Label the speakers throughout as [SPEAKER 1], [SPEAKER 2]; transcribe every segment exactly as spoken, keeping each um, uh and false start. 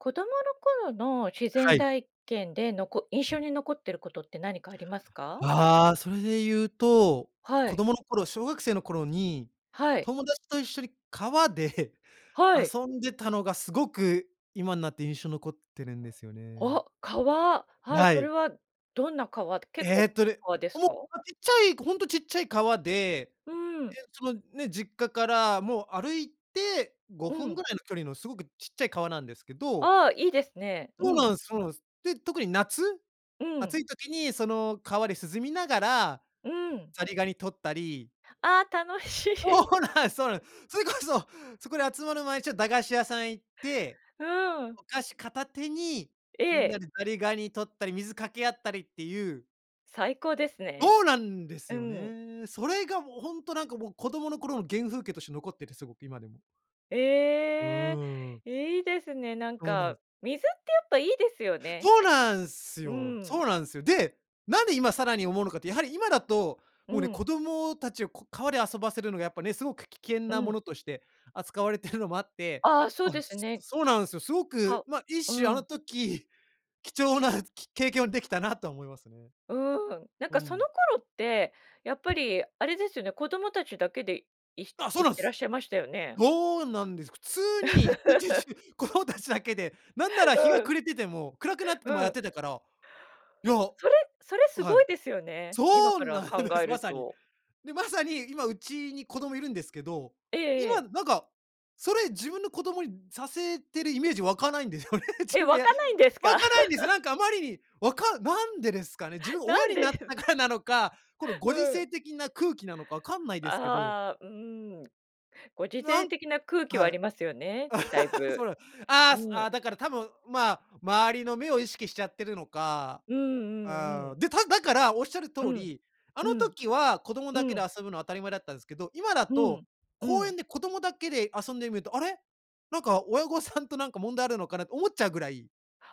[SPEAKER 1] 子供の頃の、自然
[SPEAKER 2] はい。
[SPEAKER 1] 体験で、のこ印象に残ってることって何かありますか？
[SPEAKER 2] ああ、それで言うと、
[SPEAKER 1] は
[SPEAKER 2] 子
[SPEAKER 1] い。
[SPEAKER 2] 供の頃、小学生の頃に、
[SPEAKER 1] はい。
[SPEAKER 2] 友達と一緒に川で
[SPEAKER 1] はい。
[SPEAKER 2] 遊んでたのが、すごく今んなって印象残ってるんですよね。
[SPEAKER 1] お、川、はい。
[SPEAKER 2] な
[SPEAKER 1] それ
[SPEAKER 2] い。
[SPEAKER 1] はどんな川、結
[SPEAKER 2] え
[SPEAKER 1] 構、
[SPEAKER 2] っとね、
[SPEAKER 1] 川です
[SPEAKER 2] もう、
[SPEAKER 1] か？
[SPEAKER 2] あ、いっちゃい、ごほんとちっちゃい川で、え、
[SPEAKER 1] うん。
[SPEAKER 2] ちょま、ね、実家からもう、歩いてご
[SPEAKER 1] う
[SPEAKER 2] ふん
[SPEAKER 1] ん。
[SPEAKER 2] ぐらいの距離のすごくちっちゃい川なんですけど。
[SPEAKER 1] ああ、いいですね。う
[SPEAKER 2] そうな
[SPEAKER 1] ん。
[SPEAKER 2] んす、そうなんす。で、特に夏、
[SPEAKER 1] う
[SPEAKER 2] 暑
[SPEAKER 1] ん。
[SPEAKER 2] い時に、その川で涼みながら、
[SPEAKER 1] うん。
[SPEAKER 2] ザリガニ取ったり
[SPEAKER 1] あ、楽しい。
[SPEAKER 2] そうなんす、そうなん。それこそ、そこで集まる前にちょ駄菓子屋さん行って、
[SPEAKER 1] うん。
[SPEAKER 2] お菓子片手に、
[SPEAKER 1] え
[SPEAKER 2] みん
[SPEAKER 1] え。
[SPEAKER 2] なでザリガニ取ったり水掛け合ったりっていう
[SPEAKER 1] 最高ですね。
[SPEAKER 2] おうなんです
[SPEAKER 1] う
[SPEAKER 2] よ
[SPEAKER 1] ん。
[SPEAKER 2] ね。それがもうほんとなんかもう、子供の頃の原風景として残ってて、すごく今でも。う
[SPEAKER 1] ええ、
[SPEAKER 2] ーん。
[SPEAKER 1] いいですね、なん
[SPEAKER 2] そうな
[SPEAKER 1] か、
[SPEAKER 2] ん。
[SPEAKER 1] 水ってやっぱいいですよね。
[SPEAKER 2] そうなんす
[SPEAKER 1] う
[SPEAKER 2] よ。そ
[SPEAKER 1] ん。
[SPEAKER 2] うなんすよ。で、なんで今さらに思うのかって、やはり今だと、
[SPEAKER 1] う
[SPEAKER 2] もうね、
[SPEAKER 1] ん。
[SPEAKER 2] 子供たちをこう川で遊ばせるのがやっぱね、すごく危険
[SPEAKER 1] う
[SPEAKER 2] なも
[SPEAKER 1] ん。
[SPEAKER 2] のとして扱われてるのもあって、
[SPEAKER 1] ああ、そう
[SPEAKER 2] あ、
[SPEAKER 1] です
[SPEAKER 2] す
[SPEAKER 1] ね。
[SPEAKER 2] そうなんすよ。すご
[SPEAKER 1] か
[SPEAKER 2] く、
[SPEAKER 1] う
[SPEAKER 2] ま、一種
[SPEAKER 1] う
[SPEAKER 2] あの
[SPEAKER 1] ん。
[SPEAKER 2] 時、貴重なき経験を出来たなとは思いますね。
[SPEAKER 1] うん。なん
[SPEAKER 2] う
[SPEAKER 1] かその
[SPEAKER 2] ん。
[SPEAKER 1] 頃って、やっぱりあれですよね、子供たちだけで、いひ
[SPEAKER 2] あ、そう
[SPEAKER 1] 行
[SPEAKER 2] な
[SPEAKER 1] っ
[SPEAKER 2] ん
[SPEAKER 1] てらっ
[SPEAKER 2] す。
[SPEAKER 1] しゃいましたよね？
[SPEAKER 2] どうなんですか。普通に、一日 中子供たちだけで、なんなら
[SPEAKER 1] う
[SPEAKER 2] 日が
[SPEAKER 1] ん。
[SPEAKER 2] 暮れてても、暗くなって
[SPEAKER 1] う
[SPEAKER 2] てもやっ
[SPEAKER 1] ん。
[SPEAKER 2] てたから、いやう
[SPEAKER 1] それそれす
[SPEAKER 2] は
[SPEAKER 1] ご
[SPEAKER 2] い。
[SPEAKER 1] いですよね、今
[SPEAKER 2] そう
[SPEAKER 1] から
[SPEAKER 2] なん
[SPEAKER 1] 考
[SPEAKER 2] で
[SPEAKER 1] え
[SPEAKER 2] す、ま
[SPEAKER 1] る
[SPEAKER 2] さに。
[SPEAKER 1] と。
[SPEAKER 2] で、まさに今うちに子供居るんですけど、
[SPEAKER 1] えええ
[SPEAKER 2] 今
[SPEAKER 1] え。
[SPEAKER 2] なんか、それ自分の子供にさせてるイメージ湧かないんですよね。自
[SPEAKER 1] え、
[SPEAKER 2] 分が
[SPEAKER 1] 湧
[SPEAKER 2] や
[SPEAKER 1] かないんです
[SPEAKER 2] 湧
[SPEAKER 1] か？
[SPEAKER 2] かないんですよ。なんかあまりに、わかなんでですかね。自分
[SPEAKER 1] な
[SPEAKER 2] 親
[SPEAKER 1] ん
[SPEAKER 2] に
[SPEAKER 1] で
[SPEAKER 2] なっ
[SPEAKER 1] で
[SPEAKER 2] たからなのか、この
[SPEAKER 1] う
[SPEAKER 2] ご時
[SPEAKER 1] ん。
[SPEAKER 2] 世的な空気なのか、分かんないですけど。
[SPEAKER 1] ああ、うん。ご時
[SPEAKER 2] な
[SPEAKER 1] 世
[SPEAKER 2] ん
[SPEAKER 1] 的な空気はあ
[SPEAKER 2] はい。
[SPEAKER 1] りますよね、大
[SPEAKER 2] そ
[SPEAKER 1] 分、
[SPEAKER 2] うなん。あ
[SPEAKER 1] う
[SPEAKER 2] あ、すあ、
[SPEAKER 1] ん。
[SPEAKER 2] だから多分、まあ、周りの目を意識しちゃってるのか。
[SPEAKER 1] うん、うん、う
[SPEAKER 2] あ、う
[SPEAKER 1] ん。
[SPEAKER 2] ん。で、ただから、仰る通
[SPEAKER 1] うん。
[SPEAKER 2] り、あ
[SPEAKER 1] う
[SPEAKER 2] の
[SPEAKER 1] ん。
[SPEAKER 2] 時は子供
[SPEAKER 1] う
[SPEAKER 2] だけで
[SPEAKER 1] ん。
[SPEAKER 2] 遊ぶの当たり前だったんすけど、今だ
[SPEAKER 1] う
[SPEAKER 2] と、
[SPEAKER 1] ん。う
[SPEAKER 2] 公
[SPEAKER 1] ん。
[SPEAKER 2] 園で子供だけで遊んでん見ると、あれ、なんか親御さんとなんか問題あるのかなって思っちゃうぐらい。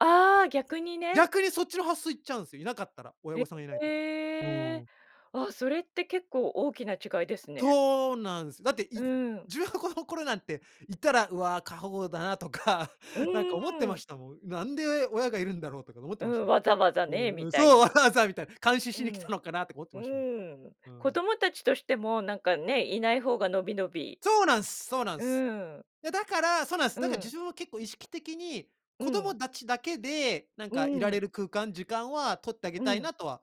[SPEAKER 1] ああ、逆にね。
[SPEAKER 2] 逆にそっちの発想いっちゃうんですよいなかったら親御さんがいない
[SPEAKER 1] え
[SPEAKER 2] と。う
[SPEAKER 1] え。
[SPEAKER 2] ん。
[SPEAKER 1] あ、それって結構大きな違いですね。
[SPEAKER 2] そうなんです。だってい
[SPEAKER 1] うん。
[SPEAKER 2] 自分は子供の頃なんていたら「うわ過保護だな」とか、
[SPEAKER 1] う
[SPEAKER 2] なん
[SPEAKER 1] ー
[SPEAKER 2] か思ってま
[SPEAKER 1] ん。
[SPEAKER 2] したもん。なんで親がいるんだろうとか思って
[SPEAKER 1] う
[SPEAKER 2] ました
[SPEAKER 1] ん、わざわざ
[SPEAKER 2] も
[SPEAKER 1] ね、
[SPEAKER 2] ん。う
[SPEAKER 1] み
[SPEAKER 2] ん
[SPEAKER 1] たい
[SPEAKER 2] そう、「わ
[SPEAKER 1] な。
[SPEAKER 2] ざわざ」みたいな「監視
[SPEAKER 1] う
[SPEAKER 2] しに来た
[SPEAKER 1] ん。
[SPEAKER 2] のかな」とか思って
[SPEAKER 1] う
[SPEAKER 2] ましたも
[SPEAKER 1] ん、
[SPEAKER 2] ん。う
[SPEAKER 1] 子
[SPEAKER 2] ん。
[SPEAKER 1] 供たちとしてもなんかね、いない方がのびのび
[SPEAKER 2] そうなんすそうなん
[SPEAKER 1] う
[SPEAKER 2] す。
[SPEAKER 1] ん。
[SPEAKER 2] いやだからそうなんす。
[SPEAKER 1] う
[SPEAKER 2] だから事
[SPEAKER 1] ん。
[SPEAKER 2] 情は結構意識的に、
[SPEAKER 1] う
[SPEAKER 2] 子供
[SPEAKER 1] ん。
[SPEAKER 2] たちだけで、なん
[SPEAKER 1] う
[SPEAKER 2] かいられ
[SPEAKER 1] ん。
[SPEAKER 2] る空間時間は取ってあげ
[SPEAKER 1] う
[SPEAKER 2] たい
[SPEAKER 1] ん。
[SPEAKER 2] なとは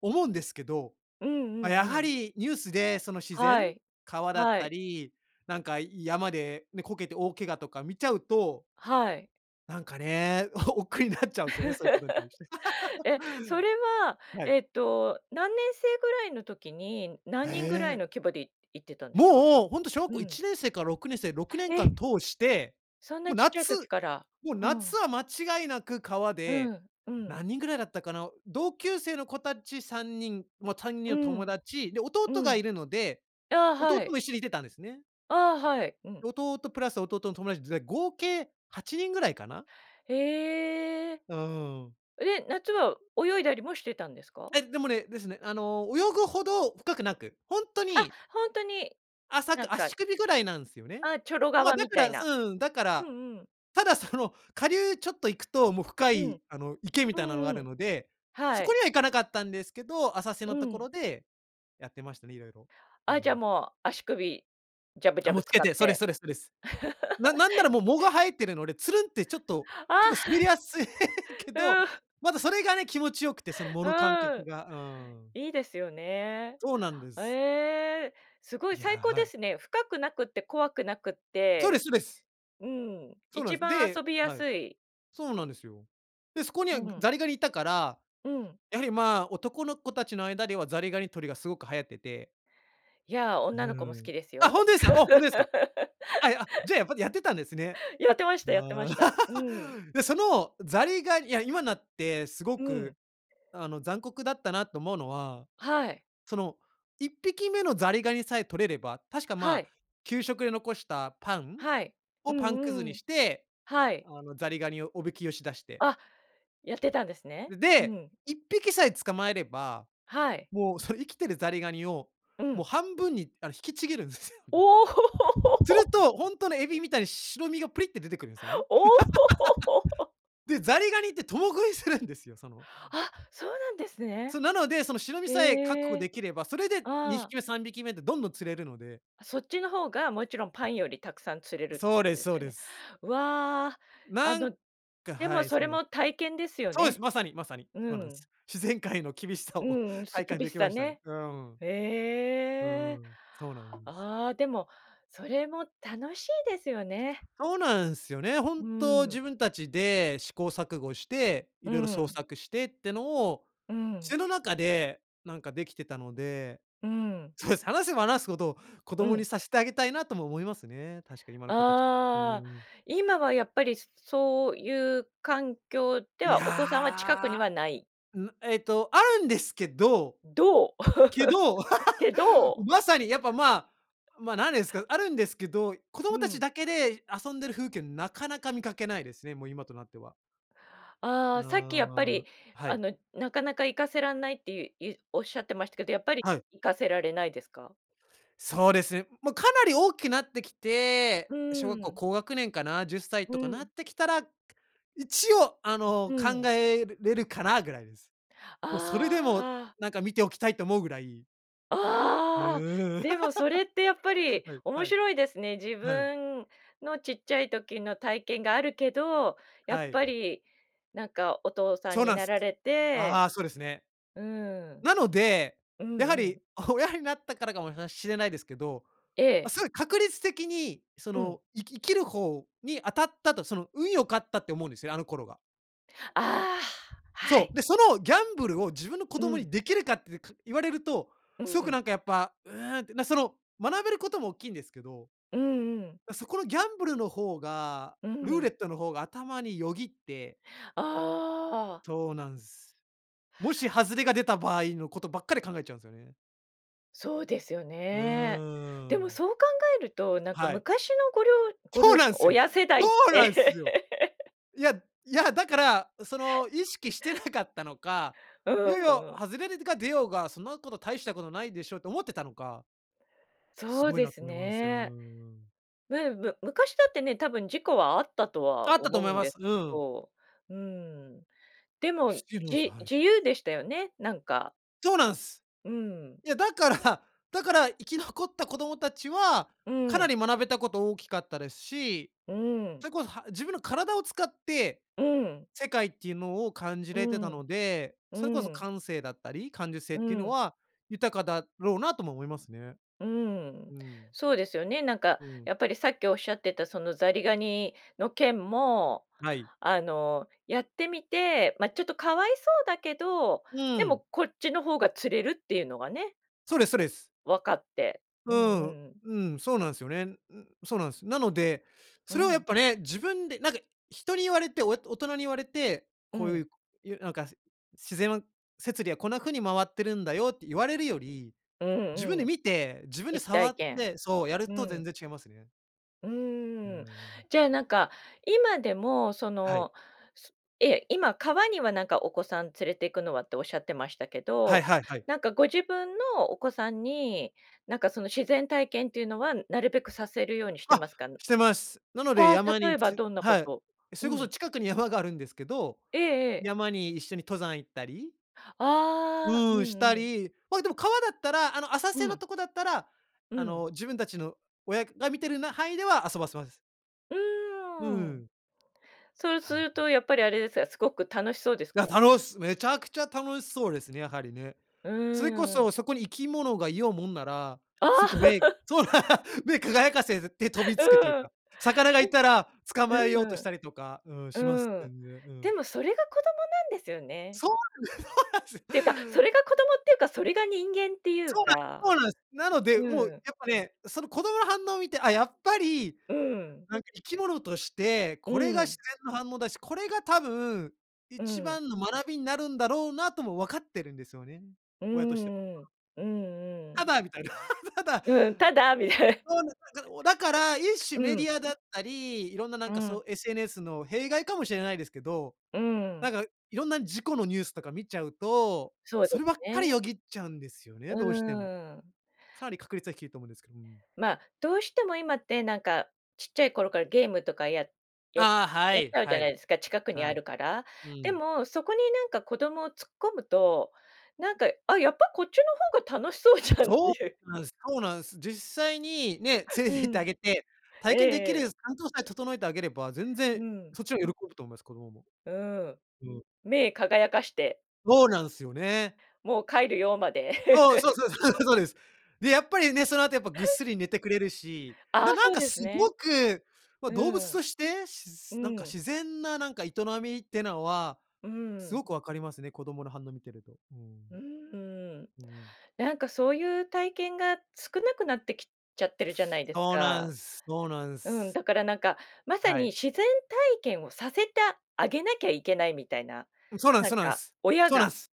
[SPEAKER 2] 思うんですけど、
[SPEAKER 1] うんう
[SPEAKER 2] ま、
[SPEAKER 1] ん
[SPEAKER 2] や
[SPEAKER 1] う
[SPEAKER 2] は
[SPEAKER 1] ん。
[SPEAKER 2] りニュースでその自然、
[SPEAKER 1] はい。
[SPEAKER 2] 川だっ
[SPEAKER 1] は
[SPEAKER 2] た
[SPEAKER 1] い。
[SPEAKER 2] り、なんか山でね、こけて大怪我とか見ちゃうと
[SPEAKER 1] はい。
[SPEAKER 2] なんかね、おお億劫になっちゃうんすよね、そういうことに対して。
[SPEAKER 1] え、それ は
[SPEAKER 2] はい。
[SPEAKER 1] えっと、何年生ぐらいの時に、何人ぐらい
[SPEAKER 2] ええ。
[SPEAKER 1] の規模でい行ってたんですか？
[SPEAKER 2] もう、ほんと小学
[SPEAKER 1] う
[SPEAKER 2] 校い
[SPEAKER 1] ん。
[SPEAKER 2] ちねんせいからろくねんせい、ろくねん
[SPEAKER 1] え、
[SPEAKER 2] かん通して、
[SPEAKER 1] そん
[SPEAKER 2] も
[SPEAKER 1] な
[SPEAKER 2] う
[SPEAKER 1] ちっちゃい
[SPEAKER 2] 夏
[SPEAKER 1] 時から、
[SPEAKER 2] もう
[SPEAKER 1] うん。
[SPEAKER 2] 夏は間違いなく川
[SPEAKER 1] う
[SPEAKER 2] で、
[SPEAKER 1] んうん。
[SPEAKER 2] 何人ぐらいだったかな、同級生の子たちさんにん、まあ、さんにん
[SPEAKER 1] う
[SPEAKER 2] の友
[SPEAKER 1] ん。
[SPEAKER 2] 達、で
[SPEAKER 1] う
[SPEAKER 2] 弟が
[SPEAKER 1] ん。
[SPEAKER 2] いるので、
[SPEAKER 1] ああ、
[SPEAKER 2] 弟
[SPEAKER 1] はい。
[SPEAKER 2] も一緒にいてたんですね。
[SPEAKER 1] ああ、はい、うん。
[SPEAKER 2] 弟プラス弟の友達ぜ合計はちにんぐらいかな。
[SPEAKER 1] へえ。
[SPEAKER 2] うーん。
[SPEAKER 1] え、夏は泳いだりもしてたんですか？
[SPEAKER 2] え、でもね、ですね、あの、泳ぐほど深くなく、ほんと
[SPEAKER 1] あ、
[SPEAKER 2] に
[SPEAKER 1] 本当に、
[SPEAKER 2] 浅
[SPEAKER 1] なん
[SPEAKER 2] く、
[SPEAKER 1] か。
[SPEAKER 2] 足首ぐらいなんすよね。
[SPEAKER 1] あ、チョロ
[SPEAKER 2] ま、
[SPEAKER 1] 川
[SPEAKER 2] だ
[SPEAKER 1] み
[SPEAKER 2] か
[SPEAKER 1] たい
[SPEAKER 2] ら
[SPEAKER 1] な、
[SPEAKER 2] うん、だか
[SPEAKER 1] う
[SPEAKER 2] ら、
[SPEAKER 1] んうん。
[SPEAKER 2] ただその、下流ちょっと行くと、もう深
[SPEAKER 1] う
[SPEAKER 2] い、
[SPEAKER 1] ん、
[SPEAKER 2] あの池み
[SPEAKER 1] う
[SPEAKER 2] たいなのがあ
[SPEAKER 1] んう
[SPEAKER 2] る
[SPEAKER 1] ん、
[SPEAKER 2] ので、そ
[SPEAKER 1] は
[SPEAKER 2] こ
[SPEAKER 1] い。
[SPEAKER 2] には行かなかったんですけど、浅瀬
[SPEAKER 1] う
[SPEAKER 2] のとこ
[SPEAKER 1] ん。
[SPEAKER 2] ろでやってましたね、いろいろ。う
[SPEAKER 1] あ、じゃあ
[SPEAKER 2] ん。
[SPEAKER 1] もう足首ジャブジ
[SPEAKER 2] あ、
[SPEAKER 1] ャ
[SPEAKER 2] も
[SPEAKER 1] ブ
[SPEAKER 2] うつ
[SPEAKER 1] 使
[SPEAKER 2] け
[SPEAKER 1] っ
[SPEAKER 2] て、そうです
[SPEAKER 1] て。
[SPEAKER 2] そうですそうです。ななんならもう藻が 生えてるので、ツルんってちょっと、
[SPEAKER 1] あ
[SPEAKER 2] 結構滑りやすいけ
[SPEAKER 1] あ。
[SPEAKER 2] ど、
[SPEAKER 1] うん。
[SPEAKER 2] またそれがね、気持ちよくて、その藻の感
[SPEAKER 1] う
[SPEAKER 2] 覚
[SPEAKER 1] ん、
[SPEAKER 2] が。うん。
[SPEAKER 1] いいですよね。
[SPEAKER 2] そうなんです。
[SPEAKER 1] ええ、すごい
[SPEAKER 2] い
[SPEAKER 1] 最高で
[SPEAKER 2] や。
[SPEAKER 1] すね。深くなくて怖くなくっ
[SPEAKER 2] そうです
[SPEAKER 1] て、
[SPEAKER 2] そうです。
[SPEAKER 1] うん、
[SPEAKER 2] そうなんで
[SPEAKER 1] 一
[SPEAKER 2] す。
[SPEAKER 1] 番
[SPEAKER 2] で、
[SPEAKER 1] 遊びや
[SPEAKER 2] はい、
[SPEAKER 1] すい。
[SPEAKER 2] そうなんですよ。で、そこに
[SPEAKER 1] う
[SPEAKER 2] は
[SPEAKER 1] ん。
[SPEAKER 2] ザリガニいたから、
[SPEAKER 1] うん。
[SPEAKER 2] やはりまあ、男の子たちの間ではザリガニ捕りがすごく流行ってて。
[SPEAKER 1] いや、
[SPEAKER 2] う
[SPEAKER 1] 女の子も好
[SPEAKER 2] ん。
[SPEAKER 1] きです
[SPEAKER 2] あ、
[SPEAKER 1] よ。
[SPEAKER 2] 本当ですかあ、本当ですか？あ、あ、じゃあ、やっぱりやってたんですね。
[SPEAKER 1] やってましたやってま
[SPEAKER 2] ああ、
[SPEAKER 1] した。うん。
[SPEAKER 2] で、その、ザリガニいや今になって、すご
[SPEAKER 1] うん。
[SPEAKER 2] く、あの残酷だったなと思うのは、
[SPEAKER 1] はい。
[SPEAKER 2] その、いっぴき目のザリガニさえ捕れれば、確か
[SPEAKER 1] は
[SPEAKER 2] ま、
[SPEAKER 1] い。
[SPEAKER 2] 給食で残したパン、
[SPEAKER 1] はい、
[SPEAKER 2] を
[SPEAKER 1] う
[SPEAKER 2] パンく
[SPEAKER 1] ん
[SPEAKER 2] ず
[SPEAKER 1] う
[SPEAKER 2] に
[SPEAKER 1] ん、
[SPEAKER 2] して、
[SPEAKER 1] はい。
[SPEAKER 2] あのザリガニをおびきよしだして
[SPEAKER 1] あ、やってたんですね。
[SPEAKER 2] え、
[SPEAKER 1] う
[SPEAKER 2] で、
[SPEAKER 1] ん。
[SPEAKER 2] いっぴきさえ捕まえれば、
[SPEAKER 1] はい。
[SPEAKER 2] もうその生きてるザリガニを
[SPEAKER 1] う
[SPEAKER 2] もう
[SPEAKER 1] ん。
[SPEAKER 2] 半分にあの引きちぎるんですよ
[SPEAKER 1] お
[SPEAKER 2] ね。する
[SPEAKER 1] お。
[SPEAKER 2] と、本当のエビみたいに白身がプリッって出てくるんですよね。
[SPEAKER 1] おお。
[SPEAKER 2] で、ザリガニって共食いするんですよ。その
[SPEAKER 1] あ、そうなんですね。
[SPEAKER 2] そう、なので、その白身さえ確
[SPEAKER 1] へ
[SPEAKER 2] 保
[SPEAKER 1] え。
[SPEAKER 2] できれば、それでにひ
[SPEAKER 1] ああ。
[SPEAKER 2] き目、さんびき目ってどんどん釣れるので
[SPEAKER 1] あ、そっちの方が、もちろん、パンよりたくさん釣れるって
[SPEAKER 2] そ
[SPEAKER 1] こ
[SPEAKER 2] うで
[SPEAKER 1] と
[SPEAKER 2] す
[SPEAKER 1] です
[SPEAKER 2] そう
[SPEAKER 1] よ
[SPEAKER 2] で
[SPEAKER 1] ね。
[SPEAKER 2] す。
[SPEAKER 1] わあ、あ
[SPEAKER 2] なん、
[SPEAKER 1] の、
[SPEAKER 2] か
[SPEAKER 1] で
[SPEAKER 2] は
[SPEAKER 1] も
[SPEAKER 2] い、
[SPEAKER 1] そ
[SPEAKER 2] そ
[SPEAKER 1] れ
[SPEAKER 2] うなんで
[SPEAKER 1] も
[SPEAKER 2] す。
[SPEAKER 1] 体験ですよ
[SPEAKER 2] そうです、
[SPEAKER 1] ね。
[SPEAKER 2] まさにまさに、
[SPEAKER 1] う
[SPEAKER 2] そうなんで
[SPEAKER 1] ん。
[SPEAKER 2] す。自然界の厳しさを
[SPEAKER 1] うん、す
[SPEAKER 2] 体感
[SPEAKER 1] 厳し
[SPEAKER 2] でき
[SPEAKER 1] さ
[SPEAKER 2] ましたね。
[SPEAKER 1] ね。
[SPEAKER 2] うん。う
[SPEAKER 1] ええ、
[SPEAKER 2] ん、そうなんです。
[SPEAKER 1] ああ、でもそれも楽しいですよね。
[SPEAKER 2] そうなんすよね、本
[SPEAKER 1] う
[SPEAKER 2] 当
[SPEAKER 1] ん。
[SPEAKER 2] 自分たちで、試行錯誤して、い
[SPEAKER 1] う
[SPEAKER 2] ろいろ創
[SPEAKER 1] ん。
[SPEAKER 2] 作してってのを、
[SPEAKER 1] うん。
[SPEAKER 2] その中でなんかできてたので、
[SPEAKER 1] うーん。
[SPEAKER 2] そうですね、話せば話すほど子
[SPEAKER 1] う
[SPEAKER 2] 供
[SPEAKER 1] ん。
[SPEAKER 2] にさせてあげたいなとも思いますね。確かに今の子たち。う
[SPEAKER 1] ああ、
[SPEAKER 2] ん。
[SPEAKER 1] 今はやっぱりそういう環境で
[SPEAKER 2] い
[SPEAKER 1] は、お子さんは近くに
[SPEAKER 2] や、
[SPEAKER 1] はない。
[SPEAKER 2] んな、えっとあるんですけど、
[SPEAKER 1] どう、
[SPEAKER 2] けど、
[SPEAKER 1] け ど。
[SPEAKER 2] まさにやっぱまあ、ま、何です か、あるんですけど、子供
[SPEAKER 1] う
[SPEAKER 2] たち
[SPEAKER 1] ん。
[SPEAKER 2] だけで遊んでる風景なかなか見かけないですね、もう今となっては。
[SPEAKER 1] ああ、
[SPEAKER 2] な
[SPEAKER 1] さっきやっぱ
[SPEAKER 2] ああ、
[SPEAKER 1] り、
[SPEAKER 2] は
[SPEAKER 1] あ
[SPEAKER 2] い。
[SPEAKER 1] の、なかなか行かせらんないっていういうおっしゃってましたけど、やっぱり
[SPEAKER 2] はい。
[SPEAKER 1] 行かせられないですか？
[SPEAKER 2] そうですね。もうかなり大きなってきて、
[SPEAKER 1] う
[SPEAKER 2] 小学校
[SPEAKER 1] ん。
[SPEAKER 2] 高学年かなじゅっさい
[SPEAKER 1] う
[SPEAKER 2] とかなっ
[SPEAKER 1] ん。
[SPEAKER 2] てきたら、一応あの、
[SPEAKER 1] う
[SPEAKER 2] 考
[SPEAKER 1] ん。
[SPEAKER 2] えるれるかなぐらいです。もうそれでも
[SPEAKER 1] ああ。
[SPEAKER 2] なんか見ておきたいと思うぐらい。う、
[SPEAKER 1] ああ、でもそれってやっぱ り
[SPEAKER 2] はいは
[SPEAKER 1] 面
[SPEAKER 2] い。
[SPEAKER 1] 白いですね。自
[SPEAKER 2] はい。
[SPEAKER 1] 分のちっちゃい時の体験があるけど、やっ
[SPEAKER 2] はい。
[SPEAKER 1] ぱりなんかお父さん
[SPEAKER 2] そう
[SPEAKER 1] に
[SPEAKER 2] なん
[SPEAKER 1] な
[SPEAKER 2] す。
[SPEAKER 1] られて
[SPEAKER 2] ああ、そうですね。
[SPEAKER 1] うん。
[SPEAKER 2] なので、
[SPEAKER 1] うん
[SPEAKER 2] やは
[SPEAKER 1] う
[SPEAKER 2] り
[SPEAKER 1] ん。
[SPEAKER 2] 親になったからかもなしれないですけど、
[SPEAKER 1] え
[SPEAKER 2] ま、
[SPEAKER 1] え。
[SPEAKER 2] すごい確率的にそ
[SPEAKER 1] うん。
[SPEAKER 2] の生き生きる方に当たったと、その運良かったって思うんですよね、あの頃が。
[SPEAKER 1] ああ、は
[SPEAKER 2] そ
[SPEAKER 1] い。
[SPEAKER 2] う、で、そのギャンブルを自分の子
[SPEAKER 1] う
[SPEAKER 2] 供
[SPEAKER 1] ん。
[SPEAKER 2] にできるかってか言われると、
[SPEAKER 1] う
[SPEAKER 2] すごく
[SPEAKER 1] ん。
[SPEAKER 2] なんかやっぱ、うーんって、なその学べることもおっきいんですけど。
[SPEAKER 1] うんうん。
[SPEAKER 2] だ、そこのギャンブルの方が、
[SPEAKER 1] う
[SPEAKER 2] ルー
[SPEAKER 1] ん。
[SPEAKER 2] レットの方が頭によぎって。
[SPEAKER 1] ああ。
[SPEAKER 2] そうなんす。もし外れが出た場合のことばっかり考えちゃうんすよね。
[SPEAKER 1] そうですよ
[SPEAKER 2] う
[SPEAKER 1] ね。でも、
[SPEAKER 2] ーん。
[SPEAKER 1] そう考えると、なんか、
[SPEAKER 2] はい。
[SPEAKER 1] 昔の、ごりょうご
[SPEAKER 2] そ
[SPEAKER 1] 両
[SPEAKER 2] うなん
[SPEAKER 1] 親、
[SPEAKER 2] すよ
[SPEAKER 1] 親世
[SPEAKER 2] そ
[SPEAKER 1] 代って
[SPEAKER 2] うなんすよ。いやいや、だから、あ、その、意識してなかったのか、
[SPEAKER 1] う
[SPEAKER 2] いよい
[SPEAKER 1] ん
[SPEAKER 2] よ、
[SPEAKER 1] うん。
[SPEAKER 2] 「外れででが出ようが、そんなこと大したことないでしょ」って思ってたのかす
[SPEAKER 1] そう
[SPEAKER 2] ごい
[SPEAKER 1] で
[SPEAKER 2] なっ
[SPEAKER 1] す
[SPEAKER 2] と思います。
[SPEAKER 1] ね。むうむ昔だってね、多分事故はあったと
[SPEAKER 2] あ
[SPEAKER 1] は
[SPEAKER 2] ったと
[SPEAKER 1] 思う
[SPEAKER 2] 思い
[SPEAKER 1] ん
[SPEAKER 2] ま
[SPEAKER 1] で
[SPEAKER 2] す。
[SPEAKER 1] け
[SPEAKER 2] うん。
[SPEAKER 1] ど、うーん、でも、じ
[SPEAKER 2] はい。
[SPEAKER 1] 自由でしたよね、なんか
[SPEAKER 2] そうなんす。
[SPEAKER 1] うーん。
[SPEAKER 2] いや、だからだから、生き残った子供たちは
[SPEAKER 1] うー
[SPEAKER 2] かな
[SPEAKER 1] ん。
[SPEAKER 2] り学べたこと大きかったですし、
[SPEAKER 1] うーん。
[SPEAKER 2] それこそ、は自分の体を使って
[SPEAKER 1] うん。
[SPEAKER 2] 世界っていうのを感じ
[SPEAKER 1] う
[SPEAKER 2] れてた
[SPEAKER 1] ーん、
[SPEAKER 2] ので、
[SPEAKER 1] う
[SPEAKER 2] それこそ
[SPEAKER 1] ーん。
[SPEAKER 2] 感性だったり、感受性っ
[SPEAKER 1] う
[SPEAKER 2] ていうの
[SPEAKER 1] ん。
[SPEAKER 2] は豊かだろうなとも思いますね。
[SPEAKER 1] うーん、
[SPEAKER 2] うーん。
[SPEAKER 1] そうですよね。なんか、
[SPEAKER 2] うん。
[SPEAKER 1] やっぱり、さっきおっしゃってた、その、ザリガニの件も、
[SPEAKER 2] はい。
[SPEAKER 1] あの、やってみて、ま、ちょっと可哀そうだけど、
[SPEAKER 2] う
[SPEAKER 1] で
[SPEAKER 2] ー
[SPEAKER 1] も、
[SPEAKER 2] ん。
[SPEAKER 1] こっちの方が釣れるっていうのがね。
[SPEAKER 2] そうですそうです。
[SPEAKER 1] 分かって、う
[SPEAKER 2] う
[SPEAKER 1] んうん
[SPEAKER 2] ーん、
[SPEAKER 1] うん。
[SPEAKER 2] うん、そうなんすよね。ん。そうなんす。なので、
[SPEAKER 1] う
[SPEAKER 2] それをやっ
[SPEAKER 1] ん。
[SPEAKER 2] ぱね、自分で、なんか、人に言われて、親と大人に言われて、
[SPEAKER 1] う
[SPEAKER 2] こうい
[SPEAKER 1] ん。
[SPEAKER 2] う、こ言う、なんか、「自然の摂理はこんな風に回ってるんだよ」って言われるより、
[SPEAKER 1] う
[SPEAKER 2] 自分
[SPEAKER 1] んう
[SPEAKER 2] で
[SPEAKER 1] ん。
[SPEAKER 2] 見て、自分で
[SPEAKER 1] 実
[SPEAKER 2] 触
[SPEAKER 1] 体
[SPEAKER 2] っ
[SPEAKER 1] 験、
[SPEAKER 2] てそう。やる
[SPEAKER 1] うー
[SPEAKER 2] と全
[SPEAKER 1] ん。
[SPEAKER 2] 然違いますね。
[SPEAKER 1] う
[SPEAKER 2] うー
[SPEAKER 1] ーん、
[SPEAKER 2] ん。
[SPEAKER 1] じゃあ、なんか今でもそ
[SPEAKER 2] はい。
[SPEAKER 1] の、そええ、今、川にはなんかお子さん連れてくのはっておっしゃってましたけ
[SPEAKER 2] はい
[SPEAKER 1] ど、
[SPEAKER 2] はいはい。
[SPEAKER 1] なんかご自分のお子さんになんかその自然体験っていうのはなるべくさせるようにして
[SPEAKER 2] あ、
[SPEAKER 1] ますか、ぬ
[SPEAKER 2] してます。なので
[SPEAKER 1] あ、
[SPEAKER 2] 山
[SPEAKER 1] 例
[SPEAKER 2] に
[SPEAKER 1] えば
[SPEAKER 2] つ
[SPEAKER 1] どんなこ
[SPEAKER 2] はい。
[SPEAKER 1] と、う
[SPEAKER 2] それこそ
[SPEAKER 1] ん。
[SPEAKER 2] 近くに山があるんですけど、
[SPEAKER 1] ええええ。
[SPEAKER 2] 山に一緒に登山行ったり。
[SPEAKER 1] ああ、う
[SPEAKER 2] うん、した
[SPEAKER 1] んうん。
[SPEAKER 2] り、まあ、でも川だったらあの浅
[SPEAKER 1] う
[SPEAKER 2] 瀬の
[SPEAKER 1] ん。
[SPEAKER 2] とこだったら、
[SPEAKER 1] う
[SPEAKER 2] あ
[SPEAKER 1] ん。
[SPEAKER 2] の、自分たちの親が、な、見てるな範囲では遊ばせます。
[SPEAKER 1] う
[SPEAKER 2] う
[SPEAKER 1] ーん。
[SPEAKER 2] ん。
[SPEAKER 1] そるす
[SPEAKER 2] はい。
[SPEAKER 1] る
[SPEAKER 2] うん。
[SPEAKER 1] とやっぱりあれですか、すごく楽しそうです
[SPEAKER 2] いや、
[SPEAKER 1] か？
[SPEAKER 2] たのめちゃくちゃ楽しそうですね、やはりね。
[SPEAKER 1] う
[SPEAKER 2] それこ
[SPEAKER 1] ーん。
[SPEAKER 2] そそこに生き物がいようもんなら、
[SPEAKER 1] あ
[SPEAKER 2] す
[SPEAKER 1] あ。
[SPEAKER 2] ぐ目 そう、目輝かせて飛びつくという
[SPEAKER 1] うん。
[SPEAKER 2] か、魚が
[SPEAKER 1] え
[SPEAKER 2] いたら捕
[SPEAKER 1] え。
[SPEAKER 2] まえようとしたりとか、うん、
[SPEAKER 1] う
[SPEAKER 2] します
[SPEAKER 1] ん。うん、
[SPEAKER 2] 全然。う
[SPEAKER 1] で
[SPEAKER 2] ん。
[SPEAKER 1] もそれが子供なんですよね。
[SPEAKER 2] そうなんで そうなんす。
[SPEAKER 1] ていうか、それが子供っていうか、それが人間っていう
[SPEAKER 2] そうな
[SPEAKER 1] か。
[SPEAKER 2] ん、そうなんす。なので、
[SPEAKER 1] う
[SPEAKER 2] もう
[SPEAKER 1] うん。
[SPEAKER 2] やっぱね、その子供の反応を見て、あ、やっぱり、
[SPEAKER 1] うん。
[SPEAKER 2] なんか生き物として、
[SPEAKER 1] う
[SPEAKER 2] これが自
[SPEAKER 1] ん。
[SPEAKER 2] 然の反応だし、これが多分
[SPEAKER 1] う
[SPEAKER 2] 一
[SPEAKER 1] ん。
[SPEAKER 2] 番の学びになるんだろうなとも分かってるんですよね。
[SPEAKER 1] う
[SPEAKER 2] 親としては。
[SPEAKER 1] んう ん。うんうん。
[SPEAKER 2] ただみたいな、ただ。
[SPEAKER 1] うん、ただみたい。
[SPEAKER 2] そうなんで お、だから、一種
[SPEAKER 1] う
[SPEAKER 2] メデ
[SPEAKER 1] ん。
[SPEAKER 2] ィアだったり、いろんなな
[SPEAKER 1] う
[SPEAKER 2] んかそ
[SPEAKER 1] ん。
[SPEAKER 2] う SNS の弊害かもしれないですけど、
[SPEAKER 1] うー
[SPEAKER 2] な
[SPEAKER 1] ん。
[SPEAKER 2] んかいろんな事故のニュースとか見ちゃうと、
[SPEAKER 1] そうで
[SPEAKER 2] そればっかり
[SPEAKER 1] ね。
[SPEAKER 2] よぎっちゃうんですよね、
[SPEAKER 1] う
[SPEAKER 2] どうしても。
[SPEAKER 1] ーん。
[SPEAKER 2] かなり確率は低いと思うんですけど、うん。
[SPEAKER 1] まあ、どうしても今ってなんかちっちゃい頃からゲームとかやや
[SPEAKER 2] ああ、は
[SPEAKER 1] やっち
[SPEAKER 2] い
[SPEAKER 1] ゃうじゃ
[SPEAKER 2] は
[SPEAKER 1] ない
[SPEAKER 2] い。
[SPEAKER 1] ですか、近くにあ
[SPEAKER 2] はい。
[SPEAKER 1] るから。
[SPEAKER 2] う
[SPEAKER 1] で
[SPEAKER 2] ん。
[SPEAKER 1] もそこになんか子供を突っ込むと、なんか、「あ、やっぱこっちの方が楽しそうじゃん」って
[SPEAKER 2] そ
[SPEAKER 1] いう。
[SPEAKER 2] うなんです、そうなんす。実際にね、連れ
[SPEAKER 1] う
[SPEAKER 2] て行ってあ
[SPEAKER 1] ん、
[SPEAKER 2] げて、体
[SPEAKER 1] え
[SPEAKER 2] 験できる
[SPEAKER 1] え。
[SPEAKER 2] 環境さえ整えてあげれば、全
[SPEAKER 1] う
[SPEAKER 2] 然
[SPEAKER 1] ん。
[SPEAKER 2] そっちのが喜ぶと思います、子供も。
[SPEAKER 1] うーん、
[SPEAKER 2] うん。
[SPEAKER 1] 目輝かして。
[SPEAKER 2] そうなんすよね。
[SPEAKER 1] もう帰るよまで。
[SPEAKER 2] そう、そうそうそう、そうです。で、やっぱりね、その後やっぱぐっすり寝てくれるし、
[SPEAKER 1] あ
[SPEAKER 2] な
[SPEAKER 1] あ、
[SPEAKER 2] なん
[SPEAKER 1] そう
[SPEAKER 2] か
[SPEAKER 1] で
[SPEAKER 2] す
[SPEAKER 1] す
[SPEAKER 2] ご
[SPEAKER 1] ね。
[SPEAKER 2] く、ま、
[SPEAKER 1] う
[SPEAKER 2] 動物
[SPEAKER 1] ーん。
[SPEAKER 2] として、し
[SPEAKER 1] う
[SPEAKER 2] ずなんか
[SPEAKER 1] ん。
[SPEAKER 2] 自然ななんか営みってなは
[SPEAKER 1] うーん、
[SPEAKER 2] す
[SPEAKER 1] ん。
[SPEAKER 2] ごく分かりますね、子供の反応見てると。うん。
[SPEAKER 1] うーん、
[SPEAKER 2] うんうん。
[SPEAKER 1] なんかそういう体験が少なくなってきちゃってるじゃないです
[SPEAKER 2] そうな
[SPEAKER 1] か。
[SPEAKER 2] んす、そうなん
[SPEAKER 1] うん、
[SPEAKER 2] す。
[SPEAKER 1] だからなんかまさ
[SPEAKER 2] は
[SPEAKER 1] に
[SPEAKER 2] い。
[SPEAKER 1] 自然体験をさせたあげなきゃいけないみたいな、
[SPEAKER 2] うん、そうなんす
[SPEAKER 1] なん
[SPEAKER 2] そうなん
[SPEAKER 1] か
[SPEAKER 2] す。
[SPEAKER 1] 親
[SPEAKER 2] そうなん
[SPEAKER 1] が。
[SPEAKER 2] す。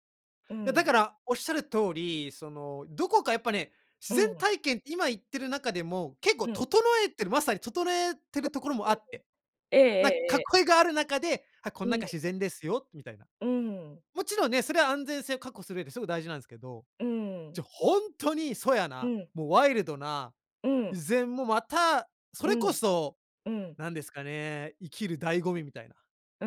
[SPEAKER 1] う
[SPEAKER 2] いやだ
[SPEAKER 1] ん。
[SPEAKER 2] からおっしゃる通り、そのどこかやっぱね、自
[SPEAKER 1] う
[SPEAKER 2] 然
[SPEAKER 1] ん。
[SPEAKER 2] 体験って今言ってる中でも結構
[SPEAKER 1] うん。
[SPEAKER 2] 整えてる、まさに整えてる
[SPEAKER 1] [unintelligible]
[SPEAKER 2] ところもあって。
[SPEAKER 1] えええ
[SPEAKER 2] なん、
[SPEAKER 1] え、え。
[SPEAKER 2] 囲いがある中で、「あ、こん
[SPEAKER 1] うん。
[SPEAKER 2] 中自然ですよ」みたいな。
[SPEAKER 1] うーん。
[SPEAKER 2] もちろんね、それは安全性を確保する上ですごく大事なんすけど、
[SPEAKER 1] うーん。
[SPEAKER 2] じゃほんとに粗野
[SPEAKER 1] う
[SPEAKER 2] な、
[SPEAKER 1] ん。
[SPEAKER 2] もうワイルドな、
[SPEAKER 1] う
[SPEAKER 2] 依
[SPEAKER 1] ん。
[SPEAKER 2] 然もまたそ
[SPEAKER 1] う
[SPEAKER 2] れこ
[SPEAKER 1] ん。
[SPEAKER 2] そ
[SPEAKER 1] うん。
[SPEAKER 2] なんですかね、生きる醍醐味みたいな、
[SPEAKER 1] う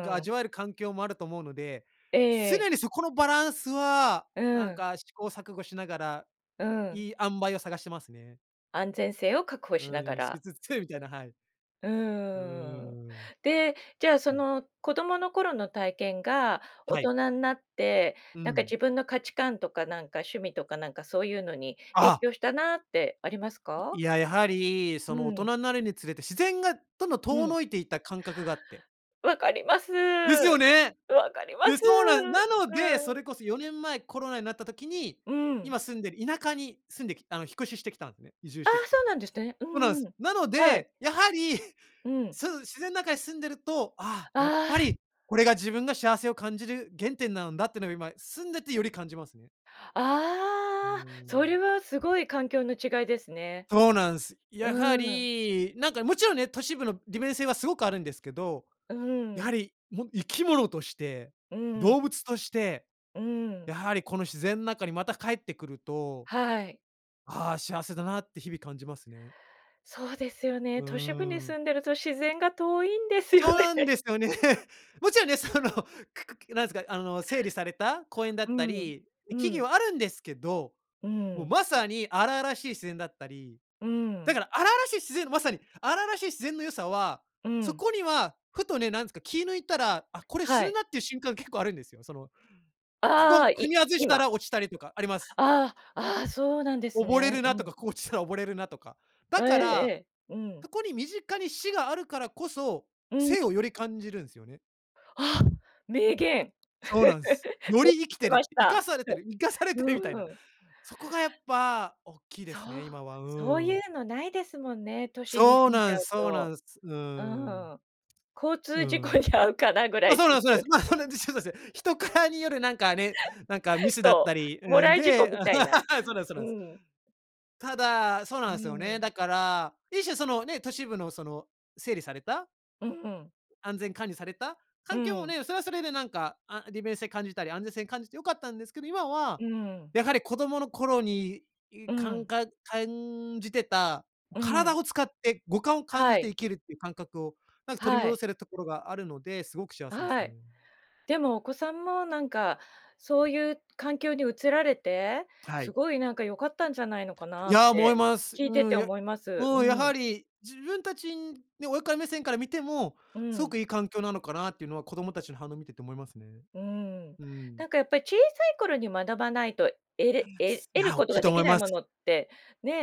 [SPEAKER 2] が
[SPEAKER 1] ん。
[SPEAKER 2] 味わえる環境もあると思うので、
[SPEAKER 1] ええ。
[SPEAKER 2] 常にそこのバランスは、
[SPEAKER 1] う
[SPEAKER 2] なん
[SPEAKER 1] ん。
[SPEAKER 2] か試行錯誤しながら、
[SPEAKER 1] うん。
[SPEAKER 2] いい塩梅を探してますね。
[SPEAKER 1] 安全性を確保しなが
[SPEAKER 2] うん、
[SPEAKER 1] ら。
[SPEAKER 2] しつつみたいな、はい。
[SPEAKER 1] う
[SPEAKER 2] うー
[SPEAKER 1] ーん。
[SPEAKER 2] ん。
[SPEAKER 1] で、じゃ、そ
[SPEAKER 2] はい。
[SPEAKER 1] の子供の頃の体験が、大
[SPEAKER 2] はい。
[SPEAKER 1] 人になって、
[SPEAKER 2] う
[SPEAKER 1] なんか
[SPEAKER 2] ん。
[SPEAKER 1] 自分の価値観とかなんか趣味とかなんかそういうのに影
[SPEAKER 2] ああ。
[SPEAKER 1] 響したなってありますか？
[SPEAKER 2] いや、やはり、
[SPEAKER 1] う
[SPEAKER 2] その大
[SPEAKER 1] ん。
[SPEAKER 2] 人になるにつれて自然がどんどん
[SPEAKER 1] う
[SPEAKER 2] 遠
[SPEAKER 1] ん。
[SPEAKER 2] のいていった感覚があって。
[SPEAKER 1] 分かります。
[SPEAKER 2] です
[SPEAKER 1] 分
[SPEAKER 2] よね！
[SPEAKER 1] かりま
[SPEAKER 2] で、
[SPEAKER 1] す。
[SPEAKER 2] そうなん、なので、
[SPEAKER 1] う
[SPEAKER 2] そ
[SPEAKER 1] ん。
[SPEAKER 2] れこそよねんまえコロナになった時に、
[SPEAKER 1] うん。
[SPEAKER 2] 今住んでる田舎に住んできあの、引っ越ししてきたんですで移住
[SPEAKER 1] あ
[SPEAKER 2] して
[SPEAKER 1] あ、
[SPEAKER 2] き
[SPEAKER 1] そ
[SPEAKER 2] て。
[SPEAKER 1] うなんですね。う
[SPEAKER 2] そうなんで
[SPEAKER 1] んう
[SPEAKER 2] す。
[SPEAKER 1] ん。
[SPEAKER 2] なの
[SPEAKER 1] はい。
[SPEAKER 2] で、やはり、
[SPEAKER 1] うん。
[SPEAKER 2] その自然の中に住んでると、ああ、やっ
[SPEAKER 1] あ
[SPEAKER 2] ぱ
[SPEAKER 1] あ。
[SPEAKER 2] り、これが自分が幸せを感じる原点なんだってのが今住んでてより感じますね。うー
[SPEAKER 1] ああ。そ
[SPEAKER 2] ん。
[SPEAKER 1] れはすごい環境の違いですね。
[SPEAKER 2] そうなんす。やは
[SPEAKER 1] うん。
[SPEAKER 2] り、なんかもちろんね、都市部の利便性はすごくあるんですけど、
[SPEAKER 1] う
[SPEAKER 2] やは
[SPEAKER 1] ん。
[SPEAKER 2] り、も、生き物として、
[SPEAKER 1] うん。
[SPEAKER 2] 動物として、
[SPEAKER 1] うん。
[SPEAKER 2] やはりこの自然の中にまた帰って来ると、
[SPEAKER 1] はい。
[SPEAKER 2] ああ幸せだなって日々感じますね。
[SPEAKER 1] そうですよ
[SPEAKER 2] う
[SPEAKER 1] ね、都市部に
[SPEAKER 2] ーん。
[SPEAKER 1] 住んでると自然が遠いんですよ
[SPEAKER 2] そうなん
[SPEAKER 1] ね。
[SPEAKER 2] ですよね。もちろんね、そのくく、なんですか、あの、整理された公園だ
[SPEAKER 1] う
[SPEAKER 2] った
[SPEAKER 1] ん。
[SPEAKER 2] り、
[SPEAKER 1] う
[SPEAKER 2] 木
[SPEAKER 1] ん。
[SPEAKER 2] 々はあるんですけど、
[SPEAKER 1] う
[SPEAKER 2] もう
[SPEAKER 1] ん。
[SPEAKER 2] まさに荒々しい自然だったり、
[SPEAKER 1] う
[SPEAKER 2] だ
[SPEAKER 1] ん。
[SPEAKER 2] から、荒々しい自然のまさに、荒々しい自然の良さは、
[SPEAKER 1] う
[SPEAKER 2] そ
[SPEAKER 1] ん。
[SPEAKER 2] こには、ふとね、なんですか、気抜いたら、あ、これ死
[SPEAKER 1] は
[SPEAKER 2] ぬ
[SPEAKER 1] い。
[SPEAKER 2] なっていう瞬間が結構あるんですよ。その、こ
[SPEAKER 1] ああ、
[SPEAKER 2] こ踏み
[SPEAKER 1] い
[SPEAKER 2] 外した
[SPEAKER 1] 今。
[SPEAKER 2] ら落ちたりとか、あります。
[SPEAKER 1] ああ、ああ、そうなんです
[SPEAKER 2] 溺れ
[SPEAKER 1] ね。
[SPEAKER 2] るなと
[SPEAKER 1] うん。
[SPEAKER 2] か、ここ落ちたら溺れるなとか。
[SPEAKER 1] え
[SPEAKER 2] だ
[SPEAKER 1] え
[SPEAKER 2] から、
[SPEAKER 1] ええ、うん。
[SPEAKER 2] そこに身近に死があるからこそ、
[SPEAKER 1] うん。
[SPEAKER 2] 生をより感じるんすよね。
[SPEAKER 1] あ、名言。
[SPEAKER 2] そうな んす。よ
[SPEAKER 1] やっ
[SPEAKER 2] り生き
[SPEAKER 1] て
[SPEAKER 2] て
[SPEAKER 1] ま
[SPEAKER 2] る
[SPEAKER 1] し
[SPEAKER 2] 生か
[SPEAKER 1] た。
[SPEAKER 2] されてる、生かされてるみたい
[SPEAKER 1] う
[SPEAKER 2] な。
[SPEAKER 1] ーん。
[SPEAKER 2] そこがやっぱ大きいで
[SPEAKER 1] そ
[SPEAKER 2] す
[SPEAKER 1] う、
[SPEAKER 2] ね、今は、う
[SPEAKER 1] そうい
[SPEAKER 2] ん。
[SPEAKER 1] うのないですもんね、都市に
[SPEAKER 2] そう
[SPEAKER 1] 住ん
[SPEAKER 2] な
[SPEAKER 1] じゃ
[SPEAKER 2] んす
[SPEAKER 1] う
[SPEAKER 2] そうな
[SPEAKER 1] と。
[SPEAKER 2] んす。う
[SPEAKER 1] う
[SPEAKER 2] ん。
[SPEAKER 1] ん、交
[SPEAKER 2] う
[SPEAKER 1] 通事故
[SPEAKER 2] ん。
[SPEAKER 1] に遭うかなぐら
[SPEAKER 2] ま、
[SPEAKER 1] いで
[SPEAKER 2] そう
[SPEAKER 1] す
[SPEAKER 2] なんすそうなん
[SPEAKER 1] よ
[SPEAKER 2] す。
[SPEAKER 1] ね。
[SPEAKER 2] ま、そうなん。人からによるなんかね、なんかミ スだっ
[SPEAKER 1] そ
[SPEAKER 2] たり、
[SPEAKER 1] う、も
[SPEAKER 2] ん、
[SPEAKER 1] らい事故
[SPEAKER 2] で
[SPEAKER 1] みたいな、
[SPEAKER 2] そうなんすそう
[SPEAKER 1] う
[SPEAKER 2] なんす。
[SPEAKER 1] ん。
[SPEAKER 2] ただ、そうな
[SPEAKER 1] う
[SPEAKER 2] んですよ
[SPEAKER 1] ー
[SPEAKER 2] ね。
[SPEAKER 1] ん。
[SPEAKER 2] だから、一種そのね、都市部のその、整理された
[SPEAKER 1] うん。
[SPEAKER 2] 安全管理された、
[SPEAKER 1] う
[SPEAKER 2] 環境も
[SPEAKER 1] ん。
[SPEAKER 2] ね、それはそれでなんか、あ、利便性感じたり、安全性を感じて良かったんですけど、今は、
[SPEAKER 1] うん。
[SPEAKER 2] やはり子供の頃に
[SPEAKER 1] う
[SPEAKER 2] かん
[SPEAKER 1] ん。
[SPEAKER 2] か、感じてた
[SPEAKER 1] うん。
[SPEAKER 2] 体を使って五感を感
[SPEAKER 1] は
[SPEAKER 2] じて
[SPEAKER 1] い。
[SPEAKER 2] 生きるっていう感覚を、なんか取り
[SPEAKER 1] はい。
[SPEAKER 2] 戻せるところがあるので、すごく幸せです
[SPEAKER 1] はい、
[SPEAKER 2] ね。
[SPEAKER 1] でもお子さんもなんか、そういう環境に移られて、
[SPEAKER 2] は
[SPEAKER 1] す
[SPEAKER 2] い。
[SPEAKER 1] ごいなんか良かったんじゃないのかな
[SPEAKER 2] い
[SPEAKER 1] っ
[SPEAKER 2] や、思い
[SPEAKER 1] て
[SPEAKER 2] ます。
[SPEAKER 1] 聞
[SPEAKER 2] う
[SPEAKER 1] いてて
[SPEAKER 2] ん、
[SPEAKER 1] 思います。
[SPEAKER 2] も
[SPEAKER 1] う
[SPEAKER 2] うやは
[SPEAKER 1] ん。
[SPEAKER 2] り自分たちね親から目線から見ても、
[SPEAKER 1] う
[SPEAKER 2] すご
[SPEAKER 1] ん。
[SPEAKER 2] くいい環境なのかなっていうのは子供たちの反応を見てて思いますね。
[SPEAKER 1] うーん。
[SPEAKER 2] うん。
[SPEAKER 1] なんかやっぱり小さい頃に学ばないとえれえ
[SPEAKER 2] い
[SPEAKER 1] 得る
[SPEAKER 2] や、大
[SPEAKER 1] こと
[SPEAKER 2] きい
[SPEAKER 1] が
[SPEAKER 2] と
[SPEAKER 1] で
[SPEAKER 2] 思
[SPEAKER 1] き
[SPEAKER 2] い
[SPEAKER 1] ない
[SPEAKER 2] ます。
[SPEAKER 1] ものって、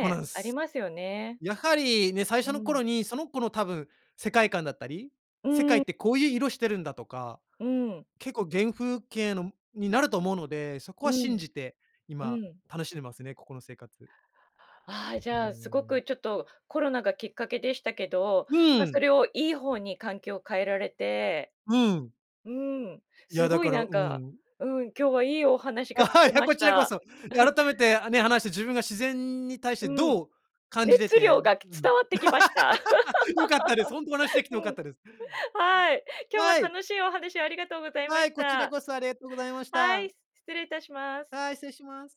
[SPEAKER 2] まだっ
[SPEAKER 1] あり
[SPEAKER 2] す。
[SPEAKER 1] ますよね。
[SPEAKER 2] やはりね、最
[SPEAKER 1] う
[SPEAKER 2] 初の
[SPEAKER 1] ん。
[SPEAKER 2] 頃に、その子の多分世界観だったり、
[SPEAKER 1] う
[SPEAKER 2] 世界っ
[SPEAKER 1] ん。
[SPEAKER 2] てこういう色してるんだとか、
[SPEAKER 1] うん。
[SPEAKER 2] 結構原風景の、になると思うので、そこ
[SPEAKER 1] う
[SPEAKER 2] は信
[SPEAKER 1] ん。
[SPEAKER 2] じて
[SPEAKER 1] う
[SPEAKER 2] 今
[SPEAKER 1] ん。
[SPEAKER 2] 楽しんでますね、ここの生活。
[SPEAKER 1] あ、じ
[SPEAKER 2] うー
[SPEAKER 1] ゃあ、すご
[SPEAKER 2] ん。
[SPEAKER 1] くちょっとコロナがきっかけでしたけど、
[SPEAKER 2] う
[SPEAKER 1] ま、
[SPEAKER 2] ん。
[SPEAKER 1] それをいい方に環境を変えられて、
[SPEAKER 2] うん。
[SPEAKER 1] うん、
[SPEAKER 2] い
[SPEAKER 1] す
[SPEAKER 2] やだ
[SPEAKER 1] ごい
[SPEAKER 2] から、
[SPEAKER 1] なん
[SPEAKER 2] う
[SPEAKER 1] か
[SPEAKER 2] ん。
[SPEAKER 1] うん、今日はいいお話が聞 け
[SPEAKER 2] いや、
[SPEAKER 1] ま
[SPEAKER 2] こ
[SPEAKER 1] し
[SPEAKER 2] ちらこ
[SPEAKER 1] た。
[SPEAKER 2] そ。改めて、あね、話して自分が自然に対して
[SPEAKER 1] うん、
[SPEAKER 2] どう感じて
[SPEAKER 1] 熱
[SPEAKER 2] て
[SPEAKER 1] 量が
[SPEAKER 2] うん、
[SPEAKER 1] 伝わってきました。
[SPEAKER 2] 良かったです。本当お話しで きて
[SPEAKER 1] う
[SPEAKER 2] 良かっ
[SPEAKER 1] ん。
[SPEAKER 2] たです。
[SPEAKER 1] はい。今日は
[SPEAKER 2] はい。
[SPEAKER 1] 楽しいお話をありがとうございま
[SPEAKER 2] は
[SPEAKER 1] し
[SPEAKER 2] い、こちら
[SPEAKER 1] た。
[SPEAKER 2] こそありがとうございまし
[SPEAKER 1] はい、
[SPEAKER 2] た。
[SPEAKER 1] 失礼いたします。
[SPEAKER 2] はい、失礼します。